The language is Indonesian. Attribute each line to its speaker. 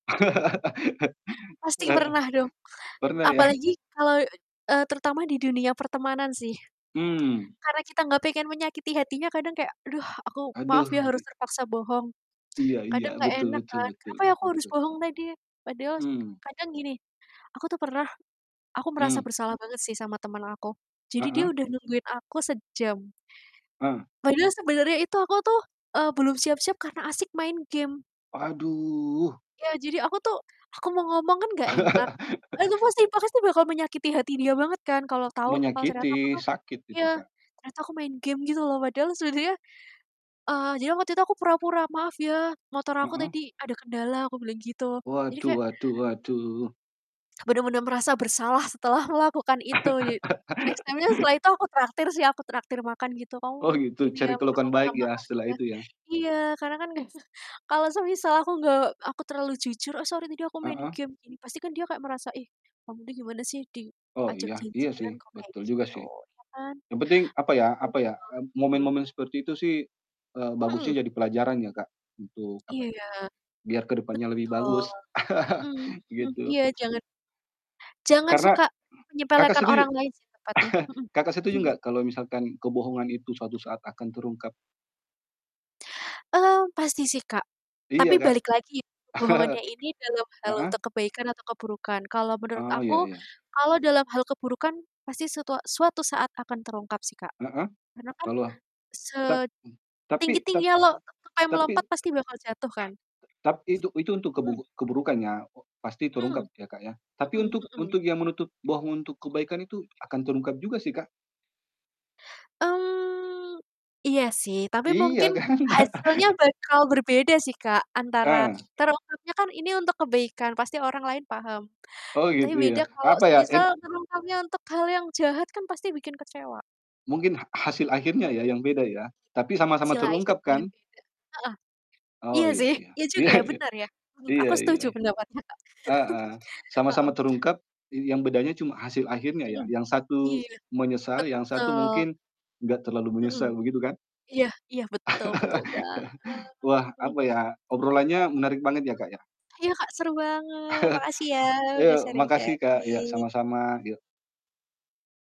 Speaker 1: Pasti
Speaker 2: Heeh.
Speaker 1: pernah dong,
Speaker 2: Pernah ya?
Speaker 1: apalagi kalau, eee, terutama di dunia pertemanan sih.
Speaker 2: Mmm.
Speaker 1: Karena kita nggak pengen menyakiti hatinya kadang kayak, "Aduh, aku maaf ya
Speaker 2: Aduh,
Speaker 1: harus
Speaker 2: i
Speaker 1: terpaksa bohong."
Speaker 2: Iya iya,
Speaker 1: Kadang nggak
Speaker 2: betul
Speaker 1: enak
Speaker 2: betul
Speaker 1: kan,
Speaker 2: betul
Speaker 1: "Kenapa ya aku harus
Speaker 2: betul.
Speaker 1: bohong tadi ya?" Padahal
Speaker 2: Mmm.
Speaker 1: kadang gini, aku tuh pernah aku merasa
Speaker 2: Mmm.
Speaker 1: bersalah banget sih, sama temen aku. Jadi dia
Speaker 2: Heeh.
Speaker 1: udah nungguin aku sejam,
Speaker 2: Ah.
Speaker 1: padahal sebenarnya itu aku tuh, eee, belum siap-siap karena asik main game
Speaker 2: Aduh.
Speaker 1: Iya, jadi aku tuh, aku mau ngomong kan nggak enak. Itu pasti pasti bakal menyakiti hati dia banget kan, kalau tahu kalau ternyata aku
Speaker 2: Menyakiti,
Speaker 1: tuh
Speaker 2: sakit itu
Speaker 1: iya,
Speaker 2: Kak.
Speaker 1: ternyata aku main game gitu loh, padahal sebenernya, eee, jadi waktu itu aku pura-pura, "Maaf ya, motor aku
Speaker 2: Heeh.
Speaker 1: tadi ada kendala," aku bilang gitu. Jadi
Speaker 2: Waduh
Speaker 1: kayak
Speaker 2: waduh waduh.
Speaker 1: benar-benar merasa bersalah setelah melakukan itu. Jadi, next time-nya setelah itu aku traktir sih, aku traktir makan gitu. "Kamu mau
Speaker 2: Oh, gitu?
Speaker 1: ini
Speaker 2: Cari
Speaker 1: ya, aku
Speaker 2: kelakuan
Speaker 1: minta
Speaker 2: baik ya,
Speaker 1: maaf
Speaker 2: setelah
Speaker 1: ya."
Speaker 2: itu ya?
Speaker 1: Iya, karena kan kalau semisal aku nggak aku terlalu jujur, "Oh, sorry tadi aku main
Speaker 2: Heeh.
Speaker 1: game," pasti kan dia kayak merasa, "Ih kamu tuh gimana sih,
Speaker 2: Oh,
Speaker 1: diajak
Speaker 2: iya, iya sih,
Speaker 1: janjian kok kayak
Speaker 2: betul juga
Speaker 1: gitu."
Speaker 2: sih.
Speaker 1: Ya kan?
Speaker 2: Yang penting apa ya
Speaker 1: Mhm
Speaker 2: apa ya, eee,
Speaker 1: mhm.
Speaker 2: momen-momen seperti itu sih, eee,
Speaker 1: Mhm.
Speaker 2: bagusnya jadi pelajaran ya Kak, untuk, apa ya,
Speaker 1: Iya.
Speaker 2: biar ke depannya lebih
Speaker 1: Betul.
Speaker 2: bagus,
Speaker 1: Mmm mmm
Speaker 2: gitu.
Speaker 1: iya, jangan jangan
Speaker 2: Karena
Speaker 1: suka
Speaker 2: Kakak
Speaker 1: menyepelekan
Speaker 2: setuju
Speaker 1: orang lain sih, tepatnya. Mhm.
Speaker 2: Kakak setuju nggak kalau misalkan kebohongan itu suatu saat akan terungkap?
Speaker 1: Mmm, pasti sih, Kak.
Speaker 2: Iya
Speaker 1: Tapi
Speaker 2: Kak.
Speaker 1: balik lagi, ya kebohongannya ini dalam hal untuk
Speaker 2: Heeh?
Speaker 1: kebaikan atau keburukan. Kalau menurut
Speaker 2: Oh, iya
Speaker 1: aku,
Speaker 2: iya.
Speaker 1: kalau dalam hal keburukan pasti setua suatu saat akan terungkap sih Kak.
Speaker 2: Heeh.
Speaker 1: Karena kan
Speaker 2: Kalau a tap m tapi tapi
Speaker 1: setinggi-tingginya lo tupai
Speaker 2: tapi.
Speaker 1: melompat pasti bakal jatuh kan?
Speaker 2: Tapi itu itu untuk
Speaker 1: Mhm.
Speaker 2: keburuk keburukan ya, pasti
Speaker 1: Mmm.
Speaker 2: terungkap ya, Kak, ya. Tapi
Speaker 1: Mhm
Speaker 2: untuk
Speaker 1: mhm.
Speaker 2: untuk yang menutup bohong untuk kebaikan itu akan terungkap juga sih, Kak.
Speaker 1: Mmm, iya sih, tapi
Speaker 2: Iya,
Speaker 1: mungkin
Speaker 2: kan.
Speaker 1: hasilnya bakal berbeda sih, Kak, antara
Speaker 2: Ah.
Speaker 1: terungkapnya kan, ini untuk kebaikan, pasti orang lain paham.
Speaker 2: Oh,
Speaker 1: Tapi,
Speaker 2: gitu ya?
Speaker 1: beda kalau
Speaker 2: Apa ya,
Speaker 1: semisal
Speaker 2: en
Speaker 1: terungkapnya untuk hal yang jahat, kan pasti bikin kecewa.
Speaker 2: Mungkin ha hasil akhirnya ya, yang beda ya? Tapi sama-sama
Speaker 1: Masih lah, ikut
Speaker 2: terungkap
Speaker 1: [unintelligible]
Speaker 2: kan?
Speaker 1: beda, heeh,
Speaker 2: Oh,
Speaker 1: iya
Speaker 2: iya
Speaker 1: sih,
Speaker 2: iya
Speaker 1: iya juga
Speaker 2: iya
Speaker 1: ya,
Speaker 2: iya,
Speaker 1: benar ya, mhm,
Speaker 2: iya
Speaker 1: aku
Speaker 2: iya,
Speaker 1: setuju pendapat Kakak.
Speaker 2: heeh, sama-sama
Speaker 1: Mhm.
Speaker 2: terungkap, yang bedanya cuma hasil akhirnya ya,
Speaker 1: Mhm.
Speaker 2: yang satu
Speaker 1: Iya.
Speaker 2: menyesal, yang satu
Speaker 1: Betul.
Speaker 2: mungkin enggak terlalu
Speaker 1: Mhm.
Speaker 2: menyesal, begitu kan?
Speaker 1: Iya iya, betul, betul banget.
Speaker 2: Wah,
Speaker 1: Mhm.
Speaker 2: apa ya, obrolannya menarik banget ya,
Speaker 1: Mmm.
Speaker 2: Kak, ya.
Speaker 1: Iya Kak, seru banget, makasih ya, udah
Speaker 2: Eee, makasih Kak iya,
Speaker 1: sharing-sharing.
Speaker 2: sama-sama, yuk.